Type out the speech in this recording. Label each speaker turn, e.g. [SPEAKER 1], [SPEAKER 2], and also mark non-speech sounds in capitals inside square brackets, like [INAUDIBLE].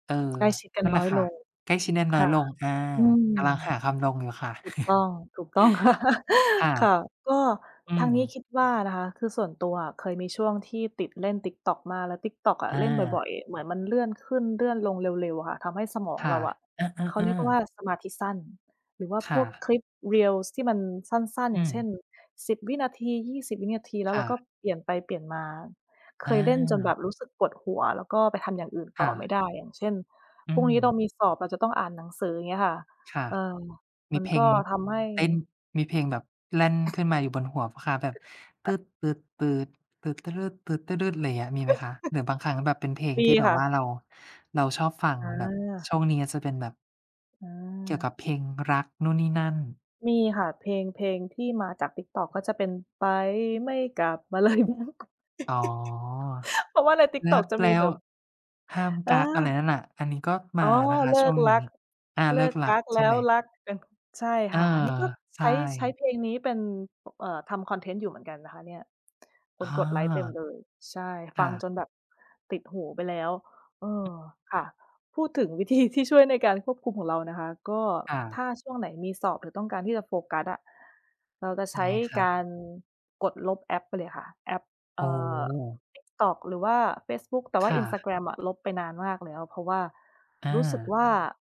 [SPEAKER 1] เออ
[SPEAKER 2] ใกล้ชิดกั
[SPEAKER 1] น
[SPEAKER 2] น
[SPEAKER 1] ั่นแ
[SPEAKER 2] น
[SPEAKER 1] ห
[SPEAKER 2] ้
[SPEAKER 1] ล
[SPEAKER 2] อ
[SPEAKER 1] ะ
[SPEAKER 2] ย
[SPEAKER 1] ค่
[SPEAKER 2] ล
[SPEAKER 1] ะ
[SPEAKER 2] ง
[SPEAKER 1] ใกล้ชิดน
[SPEAKER 2] ค
[SPEAKER 1] ้อย
[SPEAKER 2] ่ะ
[SPEAKER 1] ๆ ลง อ่า
[SPEAKER 2] อืม
[SPEAKER 1] กำลังหาคำลงอยู่ค่ะ
[SPEAKER 2] ถูกต
[SPEAKER 1] [CHUCKLES]
[SPEAKER 2] ้อง ถูกต้อง ค่ะ
[SPEAKER 1] ค่ะ
[SPEAKER 2] [LAUGHS] ค่ะ ก็
[SPEAKER 1] อื
[SPEAKER 2] ทางนี้
[SPEAKER 1] ม
[SPEAKER 2] คิดว่านะคะ คือส่วนตัวเคย มีช่วงที่ติดเล่น TikTok มาก แล้ว TikTok อะ
[SPEAKER 1] อ
[SPEAKER 2] เล่นบ
[SPEAKER 1] า
[SPEAKER 2] ่อย ๆ เหมือนมันเลื่อนขึ้นเลื่อนลงเร็ว ๆ ค่ะ ทำให้สมอง
[SPEAKER 1] ค่
[SPEAKER 2] เร
[SPEAKER 1] ะ
[SPEAKER 2] าอะ
[SPEAKER 1] เอ
[SPEAKER 2] เขา
[SPEAKER 1] อ
[SPEAKER 2] เรียกว
[SPEAKER 1] ๆ
[SPEAKER 2] ่
[SPEAKER 1] ๆ
[SPEAKER 2] าสมาธิสั้น หรือว่า
[SPEAKER 1] ค
[SPEAKER 2] พ
[SPEAKER 1] ่
[SPEAKER 2] วก
[SPEAKER 1] ะ
[SPEAKER 2] คลิป Reels ที่มันสั้น ๆ
[SPEAKER 1] อ
[SPEAKER 2] อ
[SPEAKER 1] ื
[SPEAKER 2] ย่างเช
[SPEAKER 1] ม
[SPEAKER 2] ่น 10 วินาที 20 วินาที แล้
[SPEAKER 1] ค
[SPEAKER 2] วเร
[SPEAKER 1] ่
[SPEAKER 2] าก็
[SPEAKER 1] ะ
[SPEAKER 2] เปลี่ยนไปเปลี่ยนมา เค
[SPEAKER 1] อ
[SPEAKER 2] ยเล่นจนแบ
[SPEAKER 1] า
[SPEAKER 2] บ รู้สึกปวดหัว แล้วก็ไปทำอย่างอื่น
[SPEAKER 1] ค
[SPEAKER 2] ต่
[SPEAKER 1] ่
[SPEAKER 2] อไม่
[SPEAKER 1] ะ
[SPEAKER 2] ได้ อย่างเช่น
[SPEAKER 1] อื
[SPEAKER 2] พรุ่งนี้เรา
[SPEAKER 1] ม
[SPEAKER 2] มีสอบเราจะต้องอ่านหนังสือ อย่างเงี้ยค่ะ
[SPEAKER 1] ค่ะ
[SPEAKER 2] เอ่อ
[SPEAKER 1] ม
[SPEAKER 2] ม
[SPEAKER 1] ี
[SPEAKER 2] ัน
[SPEAKER 1] เพล
[SPEAKER 2] ก
[SPEAKER 1] ง
[SPEAKER 2] ็ ทำให้
[SPEAKER 1] เต้น มีเพลงแบบแล่นขึ้นมาอยู่บนหัวเปล่าคะ แบบ [HUMMING] อะไรอย่างเงี้ย มีไหมคะ? หรือบางครั้งแบบเป็นเพลง
[SPEAKER 2] มี
[SPEAKER 1] ที่แบ
[SPEAKER 2] ค
[SPEAKER 1] บ
[SPEAKER 2] ่
[SPEAKER 1] ว่า
[SPEAKER 2] ะ
[SPEAKER 1] เรา เราชอบฟัง
[SPEAKER 2] อ
[SPEAKER 1] แบบ
[SPEAKER 2] า
[SPEAKER 1] ช่วงนี้จะเป็นแบบ
[SPEAKER 2] อ
[SPEAKER 1] เกี่ยวกั
[SPEAKER 2] า
[SPEAKER 1] บเพลงรักนู่นนี่นั่น
[SPEAKER 2] มีค่ะ เพลง เพลงที่มาจาก TikTok ก็จะเป็น ไปไม่กลับ บรรลัยเแล้ว
[SPEAKER 1] อ๋อ
[SPEAKER 2] [LAUGHS] เพราะว่าใน
[SPEAKER 1] รั
[SPEAKER 2] TikTok
[SPEAKER 1] ก
[SPEAKER 2] จะ
[SPEAKER 1] แล
[SPEAKER 2] ม
[SPEAKER 1] ้
[SPEAKER 2] ีแบ
[SPEAKER 1] ว
[SPEAKER 2] บ
[SPEAKER 1] ห้ามก
[SPEAKER 2] อ
[SPEAKER 1] ั๊ก อะไร
[SPEAKER 2] า
[SPEAKER 1] นั่นน่ะ อันนี้ก็ม
[SPEAKER 2] อ
[SPEAKER 1] า
[SPEAKER 2] ๋อ
[SPEAKER 1] นะคะ
[SPEAKER 2] เล
[SPEAKER 1] ช
[SPEAKER 2] ิ
[SPEAKER 1] ่ว
[SPEAKER 2] ก
[SPEAKER 1] งน
[SPEAKER 2] ร
[SPEAKER 1] ี้
[SPEAKER 2] ัก
[SPEAKER 1] อา
[SPEAKER 2] เ
[SPEAKER 1] เ
[SPEAKER 2] ล
[SPEAKER 1] ลิ
[SPEAKER 2] ิ
[SPEAKER 1] ก
[SPEAKER 2] ก
[SPEAKER 1] รั
[SPEAKER 2] ก
[SPEAKER 1] ก
[SPEAKER 2] ั๊ก
[SPEAKER 1] ใช
[SPEAKER 2] แล
[SPEAKER 1] ่
[SPEAKER 2] ้
[SPEAKER 1] ไห
[SPEAKER 2] ว
[SPEAKER 1] ม?
[SPEAKER 2] รักกัน ใช่
[SPEAKER 1] เอ
[SPEAKER 2] ค
[SPEAKER 1] อ
[SPEAKER 2] ่ะ อันนี้ก็
[SPEAKER 1] ใ
[SPEAKER 2] ใช
[SPEAKER 1] ช
[SPEAKER 2] ้ ใช้
[SPEAKER 1] ่
[SPEAKER 2] เพลงนี้เป็น เอ่อ ทำคอนเทนต์อยู่เหมือนกันนะคะเนี่ย ค
[SPEAKER 1] อา
[SPEAKER 2] นกดไลก์เต็มเลย ใช่
[SPEAKER 1] ค
[SPEAKER 2] ฟ
[SPEAKER 1] ่
[SPEAKER 2] ัง
[SPEAKER 1] ะ
[SPEAKER 2] จนแบบติดหูไปแล้ว เออ ค่ะ พูดถึงวิธีที่ช่วยในการควบคุมของเรานะคะ ก็
[SPEAKER 1] ค่
[SPEAKER 2] ถ้
[SPEAKER 1] ะ
[SPEAKER 2] าช่วงไหนมีสอบ หรือต้องการที่จะโฟกัสอะ เราจะใช
[SPEAKER 1] ยั
[SPEAKER 2] ้
[SPEAKER 1] งไงคะ?
[SPEAKER 2] การกดลบแอปไปเลยค่ะ แอป เ
[SPEAKER 1] โ
[SPEAKER 2] อ
[SPEAKER 1] อ
[SPEAKER 2] ่อ
[SPEAKER 1] ้
[SPEAKER 2] TikTok หรือว่าเฟซบุ๊ก แต่ว่
[SPEAKER 1] ค
[SPEAKER 2] า
[SPEAKER 1] ่ะ
[SPEAKER 2] Instagram อะ ลบไปนานมากแล้ว เพราะว่า
[SPEAKER 1] อ
[SPEAKER 2] รู้สึก
[SPEAKER 1] า
[SPEAKER 2] ว่า